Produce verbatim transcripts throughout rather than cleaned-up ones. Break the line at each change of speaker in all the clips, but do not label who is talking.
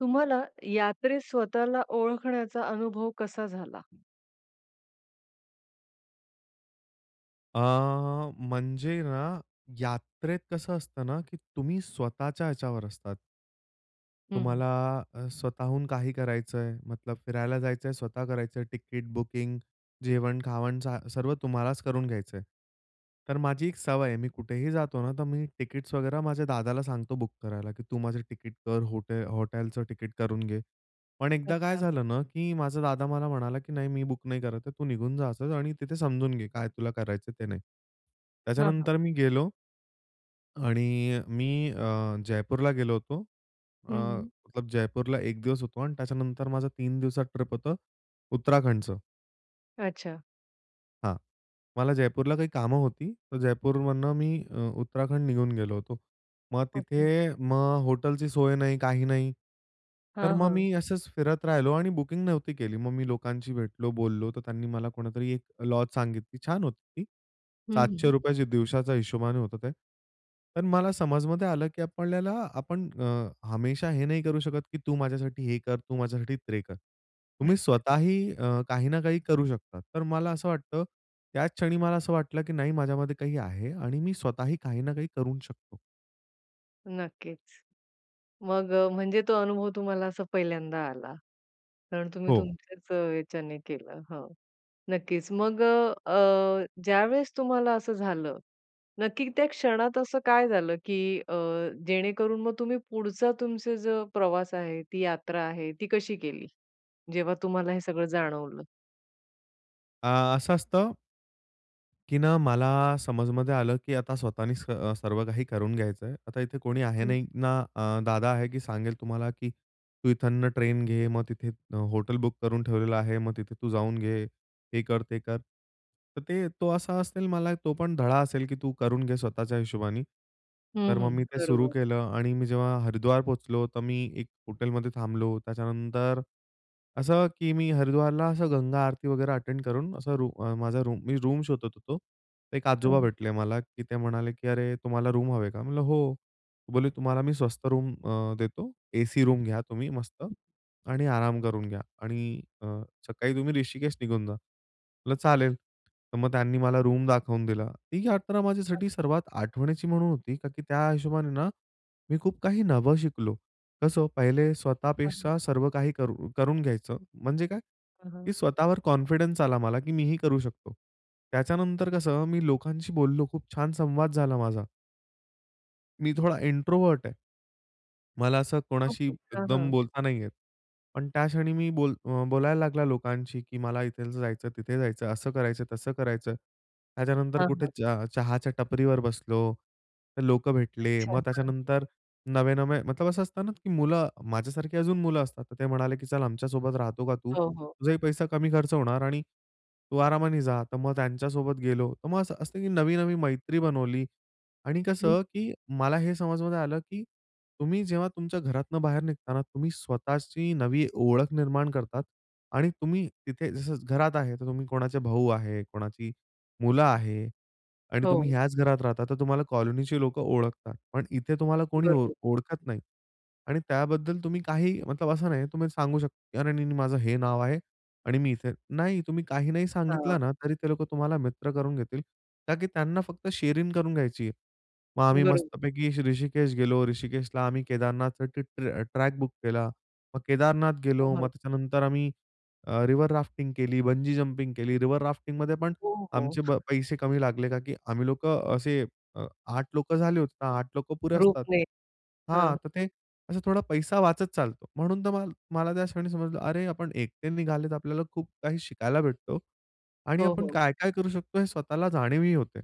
तुम्हाला यात्रेत स्वतःला ओळखण्याचा अनुभव कसा झाला?
अ, म्हणजे ना यात्रेत कसं असतं ना की तुम्ही स्वतःच्या ह्याच्यावर असतात.
हं, हं.
तुम्हाला अ, स्वतःहून काही करायचंय, मतलब फिरायला जायचंय. स्वतः करायचंय तिकीट बुकिंग, जेवण-खावण झा सर्व तुम्हालाच करून घ्यायचंय. तर माझी एक सवय आहे. मी कुठेही जातो ना तर मी तिकीट्स वगैरा माझ्या दादाला सांगतो बुक करायला, की तू माझं तिकीट कर. हो हॉटेलचं तिकीट करून घे. पण एकदा काय
अच्छा.
झालं ना की माझा दादा मला म्हणाला, की "नाही मी बुक नाही करत आहे. तू निघून जा असंच आणि तिथे समजून घे काय तुला करायचंय ते नाही."
हां, हां.
त्याच्यानंतर मी गेलो. आणि मी अ, जयपूरला गेलो होतो. अ,
हं, हं.
मतलब जयपूरला एक दिवस होतो आणि त्याच्यानंतर माझं तीन दिवसात ट्रिप होतं उत्तराखंडचं.
अच्छा.
हां. मला जयपूरला काही कामं होती. तर जयपूरमधनं मी अ, उत्तराखंड निघून गेलो होतो. मग तिथे
ओके.
मग हॉटेलची सोय नाही, काही नाही. तर
हां,
मग
हां.
मी असंच फिरत राहिलो आणि बुकिंग नव्हती केली. मग मी लोकांशी भेटलो, बोललो. तर त्यांनी मला कुणीतरी एक लॉज सांगितली. छान होती ती.
हं,
सातशे
हं.
रुपये च्या दिवसाचा हिशोबाने होतं ते. पण मला समजमध्ये आलं की आपल्याला आपण अ, हमेशा हे नाही करू शकत की तू माझ्यासाठी हे कर, तू माझ्यासाठी ते कर.
अच्छा.
तुम्ही स्वतःही अ, काही ना काही करू शकता. तर मला असं वाटतं, त्याच क्षणी मला असं वाटलं की नाही माझ्यामध्ये काही आहे आणि मी स्वतःही काही ना काही करू शकतो.
नक्कीच. मग अ, म्हणजे तो अनुभव तुम्हाला असा पहिल्यांदा आला. कारण तुम्ही
हो.
तुमच्याच अ, ह्याच्याने केलं. हां. नक्कीच. मग अ, अ, ज्यावेळेस तुम्हाला असं झालं, नक्की त्या क्षणात असं काय झालं, की अ, जेणेकरून मग तुम्ही पुढचा तुमचा जो प्रवास आहे, ती यात्रा आहे, ती कशी केली? जेव्हा तुम्हाला हे सगळं जाणवलं.
आ, असं असतं की ना, मला समजमध्ये आलं की आता स्वतःनीच अ, सर्व काही करून घ्यायचं आहे. आता इथे कोणी आहे
हं.
नाही ना, अ, दादा आहे की सांगेल तुम्हाला की "तू इथंन ट्रेन घे, मग तिथे अ, हॉटेल बुक करून ठेवलेलं आहे, मग तिथे तू जाऊन घे, हे कर, ते कर." तर ते तो असा असेल मला तो पण धडा असेल की तू करून घे स्वतःच्या हिशोबानी. तर
हं,
मग
हं.
मी ते सुरू
बरोबर.
केलं आणि मी जेव्हा हरिद्वार पोहोचलो, तर मी एक हॉटेलमध्ये थांबलो. त्याच्यानंतर असं, की मी हरिद्वारला असं गंगा आरती वगैरे अटेंड करून असं रू माझा रूम मी रूम शोधत होतो. एक आजोबा
हां.
भेटले मला, की ते म्हणाले की "अरे, तुम्हाला रूम हवे का?" म्हणलं, "हो." बोलले, "तुम्हाला मी स्वस्त रूम अ, देतो, एसी रूम घ्या तुम्ही मस्त आणि आराम करून घ्या आणि अ, सकाळी तुम्ही ऋषिकेश निघून जा." म्हटलं, "चालेल." तर मग त्यांनी मला रूम दाखवून दिला. ती यात्रा
[unintelligible]
माझ्यासाठी सर्वात आठवणीची म्हणून होती, का की त्या हिशोबाने ना, मी खूप काही नवं शिकलो. कसं? पहिले
हं, हं.
स्वतःपेक्षा सर्व काही करू करून घ्यायचं म्हणजे काय,
हां,
की
हां.
स्वतःवर कॉन्फिडन्स आला मला की मीही करू शकतो. त्याच्यानंतर कसं मी लोकांशी बोललो खूप छान संवाद झाला माझा. मी थोडा इंट्रोव्हर्ट आहे. मला असं कोणाशी
ओके. हां,
एकदम
हां.
बोलता नाही येत. पण त्याक्षणी मी बोल बोलायला लागला लोकांशी की मला इथे जायचं, तिथे जायचं. असं करायचं, तसं करायचं. त्याच्यानंतर
हां,
कुठे
हां.
च चहाच्या टपरीवर बसलो. तर लोकं भेटले.
अच्छा.
मग
हां.
त्याच्यानंतर नवे-नवे मतलब असं असतं ना की मुलं माझ्यासारखी अजून मुलं असतात. तर ते म्हणाले, की "चल आमच्यासोबत राहतो का तू?
हो, हो.
तुझाही पैसा कमी खर्च होणार आणि तू आरामाने जा." तर मग त्यांच्यासोबत गेलो. तर मग असं असतं, की नवी-नवी मैत्री बनवली. आणि
हं
कसं की मला हे समजमध्ये आलं, की तुम्ही जेव्हा तुमच्या घरातनं बाहेर निघता ना तुम्ही स्वतःची नवी ओळख निर्माण करतात. आणि तुम्ही तिथे जसं घरात आहे तर तुम्ही कोणाचे भाऊ आहे, कोणाची मुलं आहे आणि तुम्ही
हो.
ह्याच घरात राहता. तर तुम्हाला कॉलनीची लोकं ओळखतात. पण इथे तुम्हाला कोणी ओळ
बरोबर.
ओळखत नाही. आणि त्याबद्दल तुम्ही काही मतलब असं नाही तुम्ही सांगू शकता अरे! नाही-नाही माझं हे नाव आहे आणि मी इथे नाही तुम्ही काही नाही
हां.
सांगितलं ना, तरी ते लोकं तुम्हाला मित्र करून घेतील. का की त्यांना फक्त शेअरिंग करून घ्यायची आहे. मग आम्ही
बरोबर.
मस्तपैकी ऋषिकेश गेलो. ऋषिकेशला आम्ही केदारनाथ ट्र ट्रॅक बुक केला. मग केदारनाथ
हो,
गेलो. मग
हां.
त्याच्यानंतर आम्ही अ, रिव्हर राफ्टिंग केली, बंजी जंपिंग केली. रिव्हर राफ्टिंगमध्ये पण
हो, हो.
आमचे ब पैसे कमी लागले का की आम्ही लोकं असे अ, आठ लोकं झाले होते ना. आठ लोकं पुरे असतात
ग्रुपने.
हां.
हां.
तर ते असा थोडा पैसा वाचत चालतो. म्हणून तर मा मला त्या क्षणी समजलं, अरे आपण एकटे निघाले तर आपल्याला खूप काही शिकायला भेटतो आणि
हो,
आपण
हो.
काय-काय करू शकतो हे स्वतःला जाणीवही होते.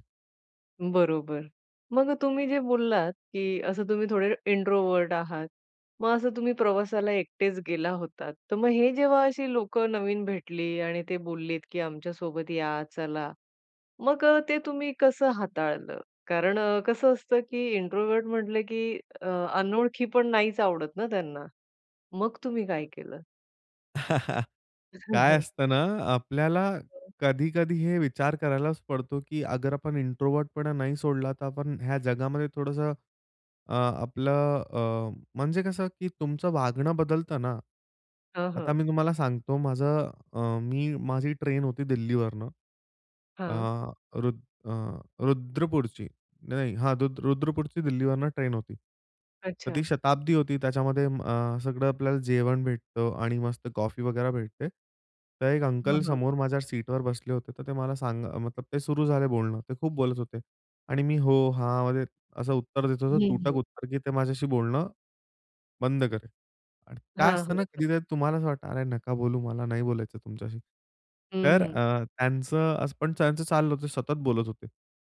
बरोबर. मग अ, तुम्ही जे बोललात, की असं तुम्ही थोडे इंट्रोव्हर्ट आहात. मग असं तुम्ही प्रवासाला एकटेच गेला होतात. तर मग हे जेव्हा अशी लोकं नवीन भेटली आणि ते बोललेत की "आमच्यासोबत या, चला." मग अ, ते तुम्ही कसं हाताळलं? कारण कसं असतं की इंट्रोव्हर्ट म्हटलं की अ, अनोळखी पण नाहीच आवडत ना त्यांना. मग तुम्ही काय केलं? हां,
काय
हां.
असतं ना, अ, आपल्याला
हं.
कधी-कधी हे विचार करायलाच पडतो, की अगर आपण इंट्रोव्हर्टपणा नाही सोडला, तर आपण ह्या जगामध्ये थोडंसं अ, आपलं अ, म्हणजे कसं, की तुमचं वागणं बदलतं ना.
हां,
आता
हां.
मी तुम्हाला सांगतो माझं अ, मी, माझी ट्रेन होती दिल्लीवरनं. अ,
हां.
रुद्र अ, रुद्रपूरची नाही, हां रुद्रपूरची दिल्लीवरनं ट्रेन होती. तर ती
अच्छा.
शताब्दी होती. त्याच्यामध्ये अ, सगळं आपल्याला जेवण भेटतं आणि मस्त कॉफी वगैरे भेटते. तर एक
हां,
अंकल
हां.
समोर माझ्या सीटवर बसले होते. तर ते मला सांग मतलब ते सुरू झाले बोलणं. ते खूप बोलत होते. आणि मी, "हो, हां" मध्ये असं उत्तर देत होतो,
हं,
तुटक
हं.
उत्तर, की ते माझ्याशी बोलणं बंद करेल. आणि
हां,
काय
हां.
असतं ना,
हं.
कधीतरी तुम्हाला असं वाटतं, "अरे, नका बोलू, मला नाही बोलायचं तुमच्याशी."
हं,
तर
हं.
अ, त्यांचं असं पण त्यांचं चाललं होतं सतत बोलत होते.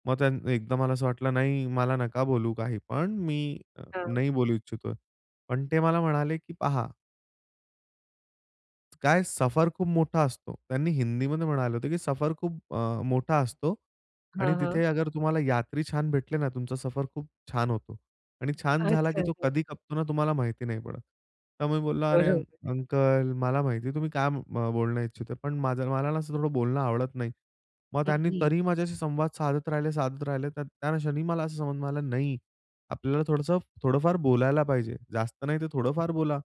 मग त्यां एकदा मला असं वाटलं, "नाही, मला नका बोलू काहीपण, मी
हां.
नाही बोलू इच्छितोय." पण ते मला म्हणाले की पहा काय सफर खूप मोठा असतो. त्यांनी हिंदीमध्ये म्हणालं होतं, की सफर खूप अ, मोठा असतो
हां,
आणि
हां.
तिथे अगर तुम्हाला यात्री छान भेटले ना तुमचा सफर खूप छान होतो. आणि छान झाला
अच्छा
की तो
[unintelligible]
कधी खपतो ना तुम्हाला माहिती नाही पडत. त्यामुळे मी बोललो, "अरे! अंक
बरोबर.
अंकल मला माहिती तुम्ही काय म बोलणं इच्छिते, पण माझं मला ना असं थोडं बोलणं आवडत नाही. मग
हं,
त्यांनी
हं.
तरीही माझ्याशी संवाद साधत राहिले, साधत राहिले. तर त्याक्षणी मला असं समज मिळाला, नाही आपल्याला थोडंसं थोडंफार बोलायला पाहिजे. जास्त नाही, तर
[unintelligible]
थोडंफार बोला.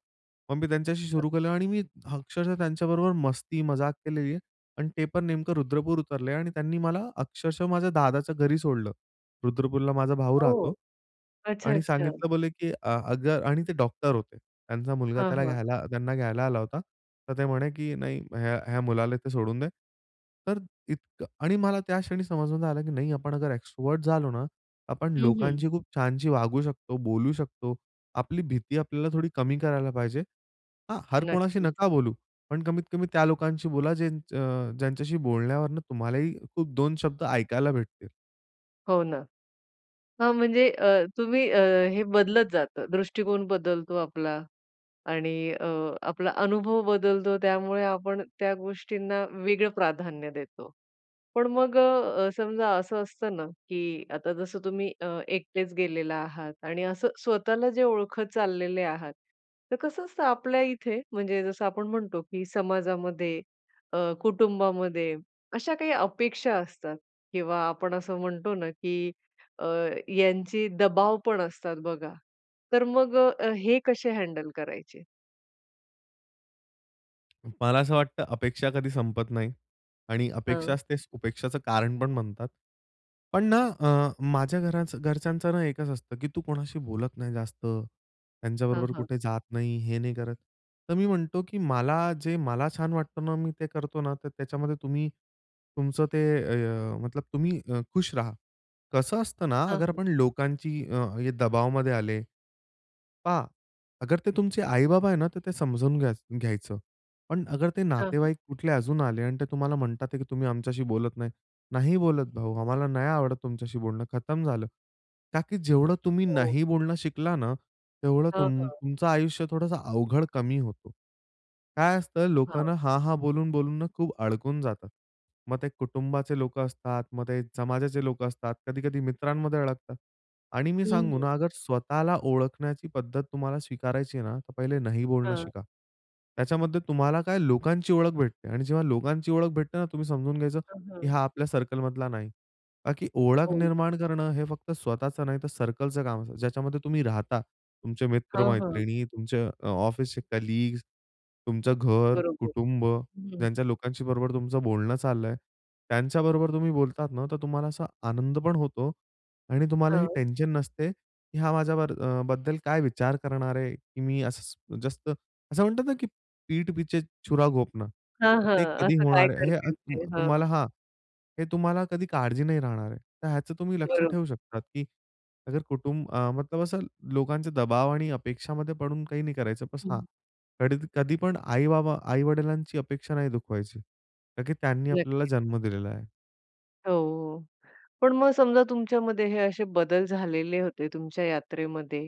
मग मी त्यांच्याशी
[unintelligible]
सुरू केलं आणि मी अक्षरशः त्यांच्याबरोबर मस्ती-मजाक केलेली आहे आणि ते पण नेमकं रुद्रपूर उतरले आणि त्यांनी मला अक्षरशः माझ्या दादाच्या घरी सोडलं. रुद्रपूरला माझा भाऊ राहतो.
हो. अच्छा,
आणि
अच्छा.
सांगितलं बोले, की "अ अगर "आणि ते डॉक्टर होते. त्यांचा मुलगा
हां,
त्याला
हां.
घ्यायला त्यांना घ्यायला आला होता. तर ते म्हणे, की नाही ह्या ह्या मुलाला ते सोडून दे." तर इतकं आणि मला त्या क्षणी समजून आलं की नाही आपण एक्स्ट्राव्हर्ट झालो ना, आपण
हं, हं.
लोकांची खूप छानशी वागू शकतो, बोलू शकतो. आपली भीती आपल्याला थोडी कमी करायला पाहिजे हां, हर कोणाशी
नक्कीच.
नका बोलू, पण कमीत कमी त्या लोकांशी बोला जेच अ, ज्यांच्याशी बोलण्यावरनं तुम्हालाही खूप दोन शब्द ऐकायला भेटतील.
हो ना. हां, म्हणजे अ, तुम्ही अ, हे बदलत जातं. दृष्टिकोन बदलतो आपला आणि अ, आपला अनुभव बदलतो. त्यामुळे आपण त्या गोष्टींना वेगळं प्राधान्य देतो. पण मग अ, समजा असं असतं ना, की आता जसं तुम्ही अ, एकटेच गेलेला आहात आणि असं स्वतःला जे ओळखत चाललेले आहात. तर कसं असतं आपल्या इथे, म्हणजे जसं आपण म्हणतो की समाजामध्ये अ, कुटुंबामध्ये, अशा काही अपेक्षा असतात किंवा आपण असं म्हणतो ना, की अ, यांची दबाव पण असतात बघा. तर मग अ, हे कसे हँडल करायचे?
मला असं वाटतं अपेक्षा कधी संपत नाही आणि
हां.
अपेक्षाच ते उपेक्षाच कारण पण बनतात. पण ना, अ, माझ्या घरा घरच्यांचं ना, एकच असतं, की "तू कोणाशी बोलत नाही जास्त,
हां,
त्यांच्याबरोबर
हां.
कुठे जात नाही, हे नाही करत." तर मी म्हणतो, की "मला जे मला छान वाटतं ना, मी ते करतो ना, तर त्याच्यामध्ये तुम्ही तुमचं ते ए अ, मतलब तुम्ही अ, खुश राहा." कसं असतं ना,
हां,
अगर
हां.
आपण लोकांची अ, दबावामध्ये आले पहा, अगर ते तुमचे आई-बाबा आहे ना, तर ते समजून घ्याय घ्यायचं. पण अगर ते
हां, हां.
नातेवाईक कुठले अजून आले आणि ते तुम्हाला म्हणतात की "तुम्ही आमच्याशी बोलत नाही." नाही बोलत भाऊ, आम्हाला नाही आवडत तुमच्याशी बोलणं खतम झालं. का की जेवढं तुम्ही
हो.
नाही बोलणं शिकला ना, तेवढं
हां,
तुम
हां.
तुमचं आयुष्य थोडंसं अवघड कमी होतो. काय असतं
हां.
लोकांना, हां-हां बोलून-बोलून ना खूप अडकून जातात. मग ते कुटुंबाचे लोक असतात, मग ते समाजाचे लोक असतात. कधी-कधी मित्रांमध्ये अडकतात. आणि मी
हं,
सांगू
हं.
ना, अगर स्वतःला ओळखण्याची पद्धत तुम्हाला स्वीकारायची आहे ना, तर पहिले नाही बोलणं
हां.
शिका. त्याच्यामध्ये तुम्हाला काय लोकांची ओळख भेटते आणि जेव्हा लोकांची ओळख भेटते ना, तुम्ही समजून घ्यायचं
हां,
की
हां.
हा आपल्या सर्कलमधला नाही. ताकी ओळख
हो.
निर्माण करणं हे फक्त स्वतःच नाहीतर, सर्कलचं काम ज्याच्यामध्ये तुम्ही राहता. तुमचे
हां, हां.
मित्र-मैत्रिणी, तुमचे अ, ऑफिसचे कलीग्स, तुमचं घर,
बरोबर.
कुटुंब
हं.
ज्यांच्या लोकांशी बरोबर तुमचं बोलणं चाललं आहे. त्यांच्याबरोबर तुम्ही बोलतात ना, तर तुम्हाला असा आनंद पण होतो आणि तुम्हालाही
हां.
टेन्शन नसते, की हा माझ्यावर अ, बद्दल काय विचार करणार आहे, की मी असं जास्त, असं म्हणतात ना, की "पीठ पीछे छुरा घोपना."
हां, हां.
ते कधी
असं काय
होणार आहे, हे अ,
करतील
त
ते
अ,
हां.
तुम्हाला हां. हे तुम्हाला कधी काळजी नाही राहणार आहे. तर ह्याचं तुम्ही लक्ष
बरोब
ठेवू शकता की अगर कुटुंब अं, मतलब असं लोकांचे दबाव आणि अपेक्षामध्ये पडून काही नाही करायचं बस हां.
हं.
कधी कधीपण आई-बाबा आई-वडिलांची अपेक्षा नाही दुखवायची. का की त्यांनी आपल्याला
नक्कीच.
जन्म दिलेला आहे.
हो. पण मग समजा तुमच्यामध्ये हे असे बदल झालेले होते तुमच्या यात्रेमध्ये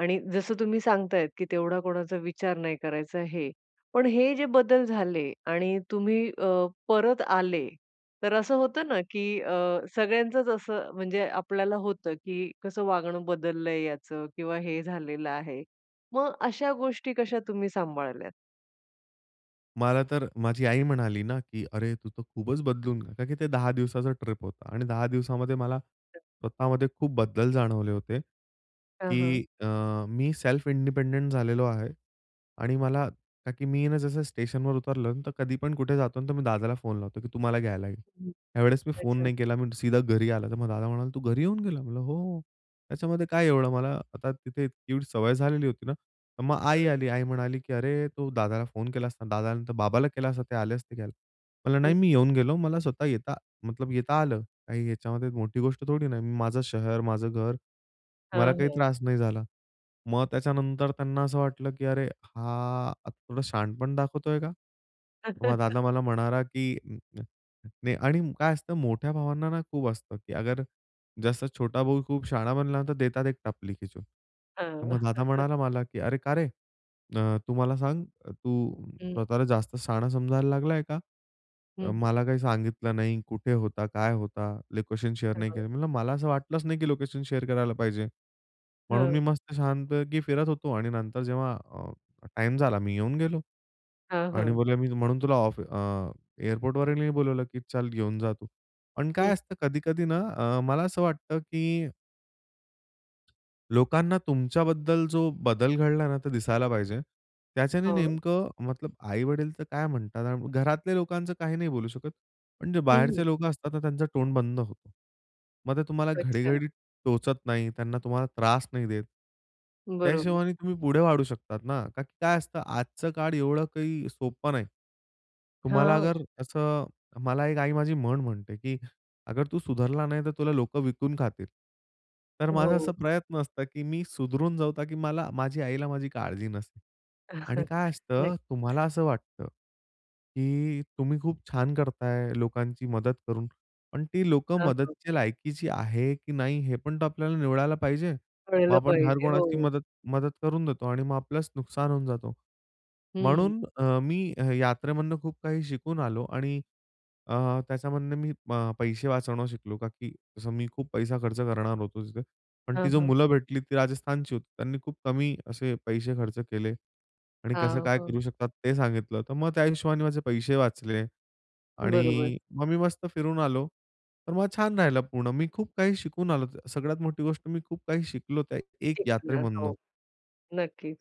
आणि जसं तुम्ही सांगतायेत की तेवढा कोणाचा विचार नाही करायचा, हे. पण हे जे बदल झाले आणि तुम्ही अ, परत आले, तर असं होतं ना, की अ, सगळ्यांचच असं म्हणजे आपल्याला होतं की कसं वागणं बदललंय याचं किंवा हे झालेलं आहे. मग अशा गोष्टी कशा तुम्ही सांभाळल्यात?
मला तर माझी आई म्हणाली ना, की "अरे! तू तर खूपच बदलून." का की ते दहा दिवसाचं ट्रिप होतं आणि दहा दिवसामध्ये मला स्वतःमध्ये खूप बदल जाणवले होते
हां, हां.
की अ, मी सेल्फ इंडिपेंडंट झालेलो आहे आणि मला का की मी आहे ना, जसं स्टेशनवर उतरलं, तर कधीपण कुठे जातो, तर मी दादाला फोन लावतो की तू मला घ्यायला ये.
हं,
यावेळेस मी फोन
अच्छा.
नाही केला. मी सीधा घरी आला. तर मग दादा म्हणाला, "तू घरी येऊन गेला?" म्हणलं, "हो हो." त्याच्यामध्ये काय एवढं मला आता तिथे एवढी सवय झालेली होती ना. तर मग आई
हां.
आली, आई म्हणाली की "अरे तू दादाला फोन केलास ना, दादा नंतर बाबाला केला असता ते आले असते घ्यायला." म्हणलं, "नाही
[unintelligible]
मी येऊन गेलो. मला स्वतः येता मतलब येता आलं. काही याच्यामध्ये मोठी गोष्ट थोडी ना आहे? माझं शहर, माझं घर, मला
हां,
काही
हां.
त्रास नाही झाला." मग त्याच्यानंतर त्यांना असं वाटलं की अरे, हा आता थोडं शहाणपण दाखवतोय का? मग दादा मला म्हणाला की नाही आणि काय असतं मोठ्या भावांना ना, खूप असतं की अगर जसं छोटा भाऊ खूप शहाणा बनला, तर देतात एक टपली खेचून. तर
हां,
मग दादा म्हणाला मला की "अरे का रे, अ, तू मला सांग तू
हं.
स्वतःला जास्त शहाणा समजायला लागलाय का?
हं,
अ,
हं.
मला काही सांगितलं नाही कुठे होता, काय होता? लोकेशन शेअर
हं,
नाही
हां
केले." म्हंटलं, "मला असं वाटलंच नाही की लोकेशन शेअर करायला पाहिजे. म्हणून
हं.
मी मस्त छानपैकी फिरत होतो आणि नंतर जेव्हा अ, टाईम झाला मी येऊन गेलो."
हां,
आणि
हां.
बोलले मी म्हणून तुला ऑफ अ, एअरपोर्टवरही नाही बोलावलं, की चल घेऊन जा तू." पण काय
हं.
असतं कधी-कधी ना, अ, मला असं वाटतं की लोकांना तुमच्याबद्दल जो बदल घडला ना, तो दिसायला पाहिजे. त्याच्याने
हो.
नेमकं मतलब आई-वडील तर काय म्हणतात. अन घरातल्या लोकांचं काही नाही बोलू शकत. पण जे
हं,
बाहेरचे
हं.
लोकं असतात तर त्यांचा तोंड बंद होतो. मग ते तुम्हाला
अच्छा.
घडी-घडी टोचत नाही. त्यांना तुम्हाला त्रास नाही देत. त्या
बरोबर.
हिशोबाने तुम्ही पुढे वाढू शकतात ना, का की काय असतं आजचं काळ एवढं काही सोपं नाही. तुम्हाला
हां.
अगर असं मला एक आई माझी म्हण म्हणते, की "अगर तू सुधारला नाही, तर तुला लोकं विकून खातील." तर माझा असा
हो.
प्रयत्न असतं की मी सुधरून जाऊ, का की मला माझी आईला माझी काळजी नसेल. आणि काय असतं
नक्कीच.
तुम्हाला असं वाटतं, की तुम्ही खूप छान करता आहे, लोकांची मदत करून. पण ती लोकं
हां, हां.
मदतीच्या लायकीची आहे की नाही? हे पण तो आपल्याला निवडायला पाहिजे. मग
कळलं
आपण हर
पाहिजे.
कुणाची
हो.
मदत मदत करून देतो आणि मग आपल्यास नुकसान होऊन जातो.
हं.
म्हणून अ, मी अ, यात्रेमधून खूप काही शिकून आलो आणि अ, त्याच्यामधनं मी अ, पैसे वाचवणं शिकलो, का की जसं मी खूप पैसा खर्च करणार होतो तिथे, पण ती
हां,
जी
हां.
मुलं भेटली ती राजस्थानची होती. त्यांनी खूप कमी असे पैसे खर्च केले आणि कसं
हां,
काय
हां.
करू शकतात ते सांगितलं, तर मग त्या हिशोबाने माझे पैसे वाचले
बरोबर.
आणि मग मी मस्त फिरून आलो, तर मग छान राहिलं पूर्ण. मी खूप काही शिकून आलो. सगळ्यात मोठी गोष्ट मी खूप काही शिकलो त्या एक
तेच ना.
यात्रेमधन.
हो. नक्कीच.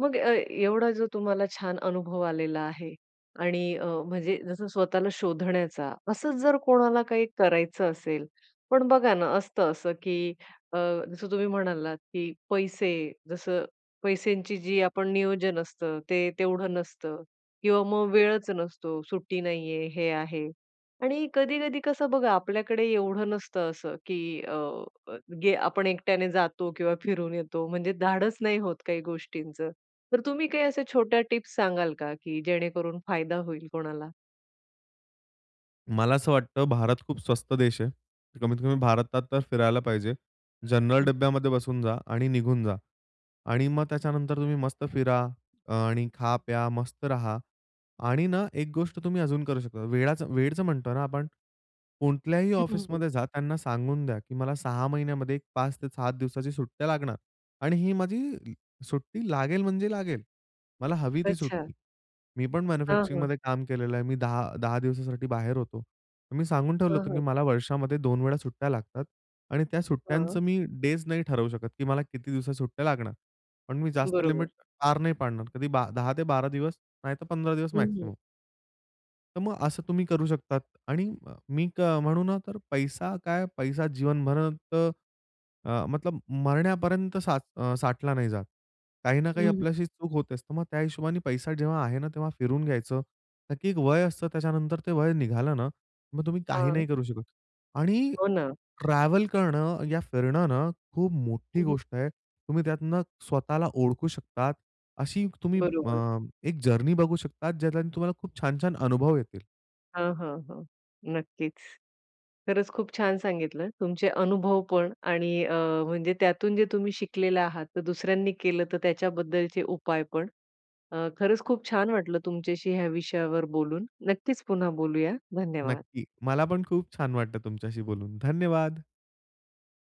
मग अ, एवढा जो तुम्हाला छान अनुभव आलेला आहे आणि अ, म्हणजे जसं स्वतःला शोधण्याचा. असंच जर कोणाला काही करायचं असेल. पण बघा ना, असतं असं की अ, जसं तुम्ही म्हणालात, की पैसे जसं पैश्यांची जी आपण नियोजन असतं, ते तेवढं नसतं किंवा मग वेळच नसतो. सुट्टी नाहीये, हे आहे. आणि कधी-कधी कसं बघा, आपल्याकडे एवढं नसतं असं की अ, गे आपण एकट्याने जातो किंवा फिरून येतो. म्हणजे धाडस नाही होत काही गोष्टींचं. तर तुम्ही काही अशा छोट्या टिप्स सांगाल का की जेणेकरून फायदा होईल कोणाला?
मला असं वाटतं, भारत खूप स्वस्त देश आहे. कमीत-कमी भारतात तर फिरायला पाहिजे. जनरल
हं.
डब्ब्यामध्ये बसून जा आणि निघून जा. आणि मग त्याच्यानंतर तुम्ही मस्त फिरा अ, आणि खा, प्या, मस्त राहा. आणि ना एक गोष्ट तुम्ही अजून करू शकता, वेळाच वेळेचं म्हणतो ना आपण, कोणत्याही
हं, हं, हं.
ऑफिसमध्ये जा, त्यांना सांगून द्या की मला सहा महिन्यामध्ये एक पाच ते सात दिवसाची सुट्ट्या लागणार आणि ही माझी सुट्टी लागेल, म्हणजे लागेल. मला हवी ती
अच्छा.
सुट्टी. मी पण
हां, हां.
मॅन्युफॅक्चरिंगमध्ये काम केलेलं आहे. मी दहा दहा दिवसासाठी बाहेर होतो. मी सांगून ठेवलं
हां,
होतं की
हां.
मला वर्षामध्ये दोन वेळा सुट्ट्या लागतात आणि त्या
हां.
सुट्ट्यांचं मी डेज नाही ठरवू शकत की मला किती दिवसा सुट्ट्या लागणार. पण मी जास्त
बरोबर.
लिमिट पार नाही पाडणार. कधी बा दहा ते बारा दिवस नाहीतर पंधरा दिवस
हं, हं.
मॅक्सिमम. तर मग असं तुम्ही करू शकतात. आणि अ, क मी तर म्हणू ना, तर पैसा काय? पैसा जीवनभरात अ, मतलब मरण्यापर्यंत सा अ, साठला नाही जात. काही ना
हं,
काही
हं.
आपल्याशी चूक होत असतं. मग त्या हिशोबाने पैसा जेव्हा आहे ना, तेव्हा फिरून घ्यायचं. नक्की एक वय असतं त्याच्यानंतर, ते वय निघालं ना मग तुम्ही काही नाही
हां.
करू शकत. आणि
हो ना.
ट्रॅव्हल करणं, या फिरणं ना, खूप मोठी
हं, हं.
गोष्ट आहे. तुम्ही त्यातनं स्वतःला ओळखू शकतात अशी तुम्ही
बरोबर.
अ, एक जर्नी बघू शकतात, ज्यात तुम्हाला खूप छान-छान अनुभव येतील.
हां, हां, हां, नक्कीच. खरंच खूप छान सांगितलं तुमचे अनुभव पण आणि अ, म्हणजे त्यातून जे तुम्ही शिकलेले आहात. तर दुसऱ्यांनी केलं तर त्याच्याबद्दलचे उपाय पण. अ, खरंच खूप छान वाटलं तुमच्याशी ह्या विषयावर बोलून. नक्कीच पुन्हा बोलूया. धन्यवाद.
नक्की, मला पण खूप छान वाटतं तुमच्याशी बोलून. धन्यवाद.